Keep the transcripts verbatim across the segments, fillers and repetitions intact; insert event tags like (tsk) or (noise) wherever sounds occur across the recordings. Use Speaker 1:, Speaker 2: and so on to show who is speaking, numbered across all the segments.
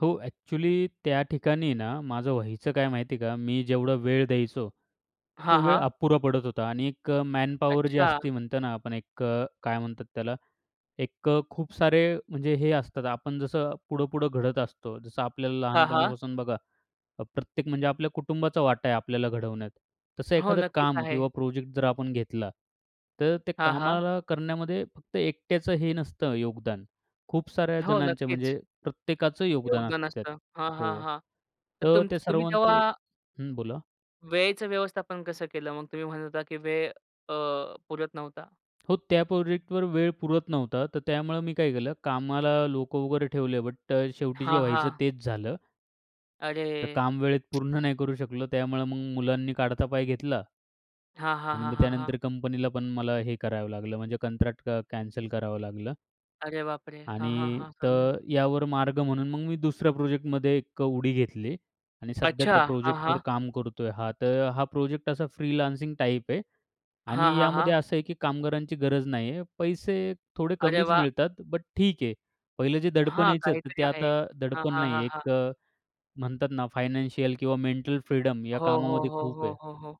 Speaker 1: हो एक्चुअली त्या ठिकाणी ना, माझं व्हायचं काय माहिती आहे का मी जेवढा वेळ द्यायचो. तर
Speaker 2: हां,
Speaker 1: तो वेळ
Speaker 2: हां.
Speaker 1: अपुरा पडत होता आणि एक अ, मॅनपॉवर जी
Speaker 2: अच्छा.
Speaker 1: असते म्हणतो ना, आपण एक अ, काय म्हणतात त्याला एक अ, खूप सारे म्हणजे हे असतात. आपण जसं पुढं-पुढं घडत असतो. जसं आपल्याला
Speaker 2: हां, हां.
Speaker 1: लहानपणापासून बघा अ, प्रत्येक म्हणजे आपल्या कुटुंबाचा वाटा आहे आपल्याला घडवण्यात. तसं
Speaker 2: हो,
Speaker 1: एखादं
Speaker 2: नक्कीच
Speaker 1: काम
Speaker 2: आहे.
Speaker 1: किंवा प्रोजेक्ट जर आपण घेतला तर ते
Speaker 2: हां, हां.
Speaker 1: कामाला करण्यामध्ये फक्त एकट्याचं हे नसतं योगदान. खूप साऱ्या
Speaker 2: हो,
Speaker 1: जणांच्या
Speaker 2: नक्कीच.
Speaker 1: म्हणजे प्रत्येकाचं योगदान
Speaker 2: योगदान
Speaker 1: असतं त्यात.
Speaker 2: असतं. हां, हां,
Speaker 1: हो.
Speaker 2: हां. तर
Speaker 1: तर
Speaker 2: तुमच
Speaker 1: ते
Speaker 2: तुम्ही तेव्हा
Speaker 1: सर्वांचे हं, बोला.
Speaker 2: वेळेचं व्यवस्थापन कसं केलं? मग तुम्ही म्हणत होता की वेळ अ, पुरत नव्हता.
Speaker 1: हो त्या प्रोजेक्टवर वेळ पुरत नव्हता. तर त्यामुळे मी काय केलं, कामाला लोकं वगैरे ठेवले बट अ, शेवटी जे
Speaker 2: हां,
Speaker 1: व्हायचं
Speaker 2: हां.
Speaker 1: तेच झालं.
Speaker 2: अरे!
Speaker 1: तर काम वेळेत
Speaker 2: (tsk)
Speaker 1: पूर्ण नाही करू शकलो, त्यामुळे मग मुलांनी काढता पाय घेतला.
Speaker 2: हां, हां,
Speaker 1: आणि
Speaker 2: हां,
Speaker 1: मग
Speaker 2: हां, हां.
Speaker 1: त्यानंतर कंपनीला पण मला हे करावं लागलं. म्हणजे कंत्राट अ, कॅनसल करावं लागलं.
Speaker 2: अरे बापरे! हां, हां,
Speaker 1: आणि
Speaker 2: हां. समझलं.
Speaker 1: तर यावर मार्ग म्हणून मग मी दुसऱ्या प्रोजेक्टमध्ये एक अ, उडी घेतली आणि सध्या
Speaker 2: अच्छा,
Speaker 1: त्या
Speaker 2: हां,
Speaker 1: प्रोजेक्टवर
Speaker 2: हां.
Speaker 1: काम करतो आहे. हां, तर हा प्रोजेक्ट असा फ्रीलान्सिंग टाइप आहे
Speaker 2: हां,
Speaker 1: आणि
Speaker 2: हां,
Speaker 1: यामध्ये
Speaker 2: हां.
Speaker 1: असं आहे की कामगारांची गरज नाही आहे. पैसे थोडे
Speaker 2: अरे
Speaker 1: कमीच
Speaker 2: वाह!
Speaker 1: मिळतात बट ठीक आहे. पहिलं जे दडपण
Speaker 2: हां
Speaker 1: यायचं तर
Speaker 2: काहीतरी
Speaker 1: ते
Speaker 2: आहे.
Speaker 1: आता
Speaker 2: हां,
Speaker 1: दडपण
Speaker 2: हां,
Speaker 1: नाही
Speaker 2: हां,
Speaker 1: आहे.
Speaker 2: हां.
Speaker 1: एक अ, म्हणतात ना फायनान्शियल किंवा मेंटल फ्रीडम या
Speaker 2: हो, हो,
Speaker 1: कामामध्ये
Speaker 2: हो,
Speaker 1: खूप
Speaker 2: हो,
Speaker 1: आहे.
Speaker 2: हो, हो.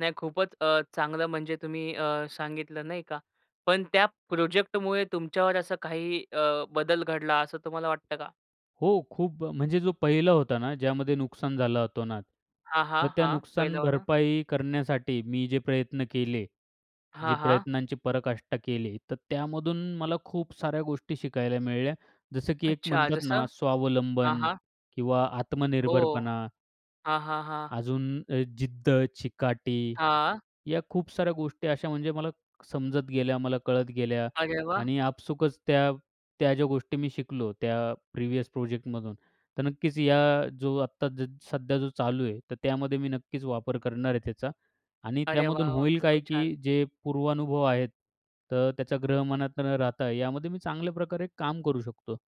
Speaker 2: नाही खूपच अ, चांगलं म्हणजे तुम्ही अ, सांगितलं नाही का. पण त्या प्रोजेक्टमुळे तुमच्यावर असं काही अ, बदल घडला असं तुम्हाला वाटतं का?
Speaker 1: हो, खूप अ, म्हणजे जो पहिला होता ना, ज्यामध्ये नुकसान झालं अतोनात.
Speaker 2: हां, हां.
Speaker 1: तर त्या
Speaker 2: हां
Speaker 1: नुकसान
Speaker 2: पहिलावाला.
Speaker 1: भरपाई करण्यासाठी मी जे प्रयत्न केले. जी
Speaker 2: हां, हां.
Speaker 1: प्रयत्नांची पराकाष्टा केले, तर त्यामधून मला खूप साऱ्या गोष्टी शिकायला मिळल्या. जसं की एक
Speaker 2: अच्छा
Speaker 1: म्हणतात ना,
Speaker 2: जसं. हां,
Speaker 1: स्वावलंबन
Speaker 2: हां.
Speaker 1: किंवा
Speaker 2: हो.
Speaker 1: आत्मनिर्भरपणा
Speaker 2: हां, हां, हां.
Speaker 1: अजून अ, जिद्द, चिकाटी
Speaker 2: हां.
Speaker 1: या खूप साऱ्या गोष्टी अशा म्हणजे मला समजत गेल्या, मला कळत गेल्या.
Speaker 2: अरे वाह!
Speaker 1: आणि आपसूकच त्या, त्या ज्या गोष्टी मी शिकलो त्या प्रिव्हियस प्रोजेक्टमधून. तर नक्कीच या जो आत्ता ज सध्या जो चालू आहे, तर त्यामध्ये मी नक्कीच वापर करणार आहे त्याचा. आणि
Speaker 2: अरे
Speaker 1: त्यामधून
Speaker 2: वाह! वाह!
Speaker 1: होईल काय
Speaker 2: खूपच छान.
Speaker 1: की जे पूर्वानुभव आहेत. तर त्याचा ग्रह मनात न राहता यामध्ये मी चांगल्या प्रकारे काम करू शकतो.